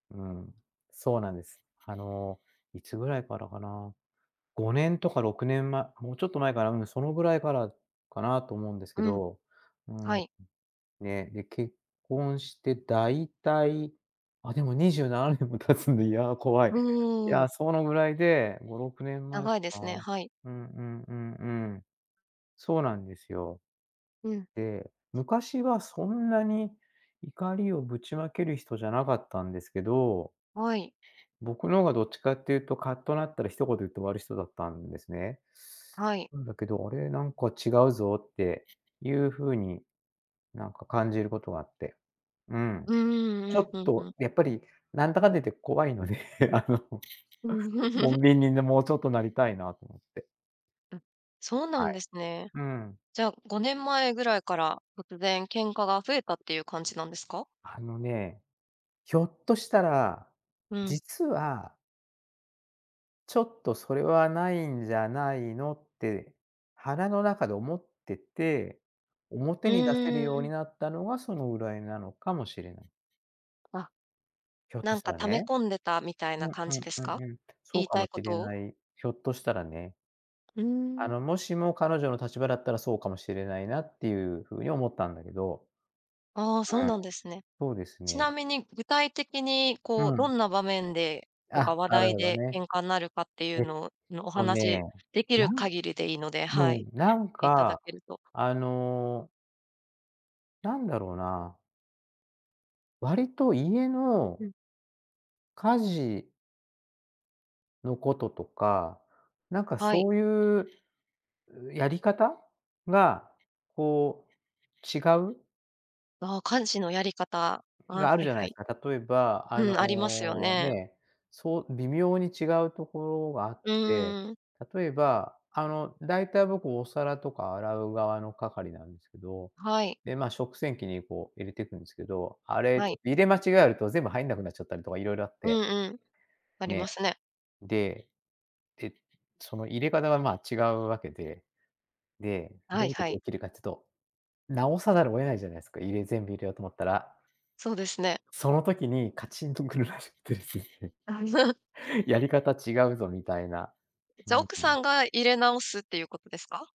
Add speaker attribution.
Speaker 1: うん。そうなんです。あの、いつぐらいからかな。5年とか6年まもうちょっと前かな、うん。そのぐらいからかなと思うんですけ
Speaker 2: うん。
Speaker 1: ど。うー
Speaker 2: は
Speaker 1: ん。
Speaker 2: い。
Speaker 1: ね、で結婚して大体、あ、でも27年も経つんで、いや怖い。
Speaker 2: お
Speaker 1: いや、
Speaker 2: お。
Speaker 1: そのぐらいで、5、6年前か
Speaker 2: 長いですね、
Speaker 1: な。
Speaker 2: はい。
Speaker 1: うんうんうんうん。そうなんですよ。
Speaker 2: うん。
Speaker 1: で、
Speaker 2: じゃ
Speaker 1: 昔はそんなに怒りをぶちまける人じゃなかったんですけど。
Speaker 2: はい。
Speaker 1: 僕の方がどっちかっていうと、カッとなったら一言言って終わる人だったんですね。
Speaker 2: はい。
Speaker 1: なんだけど、あれ、なんか違うぞっていう風に、なんか感じることあって。うん。
Speaker 2: う
Speaker 1: ち
Speaker 2: んうんう
Speaker 1: ょ
Speaker 2: ん、
Speaker 1: っ
Speaker 2: ふんふ
Speaker 1: と
Speaker 2: ん。
Speaker 1: やっぱり、なんだかんだ言って怖いので、あの、
Speaker 2: うん。
Speaker 1: 穏便にね、もうちょっとなりたいなと思って。
Speaker 2: うん。そうな
Speaker 1: は
Speaker 2: ん
Speaker 1: い。
Speaker 2: ですね。
Speaker 1: うん。
Speaker 2: じゃあ、5年前ぐらいから、突然喧嘩が増えたっていう感
Speaker 1: いえ、
Speaker 2: じなんですか？
Speaker 1: あのね。ひょっとしたら、
Speaker 2: うん。
Speaker 1: 実はちょっとそれはないんじゃないのって、腹の中で思ってて、
Speaker 2: う
Speaker 1: 表に出せる
Speaker 2: ー
Speaker 1: ように
Speaker 2: ん。
Speaker 1: なったのが、そのぐらいなのかもしれない。
Speaker 2: あ、
Speaker 1: ひょっ
Speaker 2: な
Speaker 1: とし
Speaker 2: ん
Speaker 1: た
Speaker 2: か
Speaker 1: ら
Speaker 2: 溜め
Speaker 1: ね。
Speaker 2: 込んでた、みたい
Speaker 1: う
Speaker 2: な
Speaker 1: ん
Speaker 2: 感
Speaker 1: うん
Speaker 2: じです
Speaker 1: う
Speaker 2: か？
Speaker 1: んうん。そ
Speaker 2: 言
Speaker 1: う
Speaker 2: い
Speaker 1: か
Speaker 2: た
Speaker 1: も
Speaker 2: い
Speaker 1: し
Speaker 2: こ
Speaker 1: れ
Speaker 2: とを。
Speaker 1: ない。ひょっとしたらね。
Speaker 2: うー
Speaker 1: あ
Speaker 2: ん。
Speaker 1: の、もしも彼女の立場だったら、そうかもしれないなっていう風に思ったんだけど。
Speaker 2: ああ、そう
Speaker 1: うん。
Speaker 2: なんですね。
Speaker 1: そうです
Speaker 2: ち
Speaker 1: ね。
Speaker 2: なみに、具体的に、
Speaker 1: う
Speaker 2: こう、ど
Speaker 1: ん。
Speaker 2: んな場面で、とか
Speaker 1: あ、
Speaker 2: 話
Speaker 1: なる
Speaker 2: 題
Speaker 1: ほど
Speaker 2: で
Speaker 1: ね。
Speaker 2: 喧嘩になるかってい
Speaker 1: え
Speaker 2: う
Speaker 1: っ
Speaker 2: ののお
Speaker 1: とね、
Speaker 2: 話、出来
Speaker 1: な
Speaker 2: る
Speaker 1: ん
Speaker 2: 限りでいいので、
Speaker 1: う
Speaker 2: はい。
Speaker 1: ん。なん
Speaker 2: え、いただ
Speaker 1: か、
Speaker 2: けると。
Speaker 1: あのなんだろな。割と家の
Speaker 2: うん。
Speaker 1: 家事のこととか、なんか
Speaker 2: はい。
Speaker 1: そういう、やり方が、こう違う。
Speaker 2: ああ、家事のやり方、ああ、は
Speaker 1: がある
Speaker 2: い
Speaker 1: じゃな
Speaker 2: は
Speaker 1: いで
Speaker 2: い。
Speaker 1: すか。例えば、あ
Speaker 2: うん、ありますよ
Speaker 1: の、
Speaker 2: ね。
Speaker 1: ね、そう微妙に違うところがあっ
Speaker 2: う
Speaker 1: て、
Speaker 2: ーん。
Speaker 1: 例えば、あの、大体僕お皿とか洗う側の係なんですけど、
Speaker 2: はい。
Speaker 1: で、まあ、食洗機にこう入れてくんですけど、あれ
Speaker 2: は
Speaker 1: ちょ
Speaker 2: い。
Speaker 1: っと入れ間違えると、全部入んなくなっちゃったりとか色々あっ
Speaker 2: うん
Speaker 1: て。
Speaker 2: うん。あり
Speaker 1: ね。
Speaker 2: ますね。
Speaker 1: で、で、その入れ方はまあ、違うわけで。で、
Speaker 2: は
Speaker 1: どう
Speaker 2: い
Speaker 1: いう
Speaker 2: は
Speaker 1: 時
Speaker 2: い。
Speaker 1: 起きるかっつと、直さざるを得ないじゃないすか。入れ全部入れようと思ったら。
Speaker 2: そうですね。
Speaker 1: その時にカチンと来るらしくてですね。
Speaker 2: あ
Speaker 1: やり方違うぞみたいな。う
Speaker 2: じゃ、
Speaker 1: ん、
Speaker 2: 奥
Speaker 1: ふん。
Speaker 2: さんが入れ直すっていうことですか？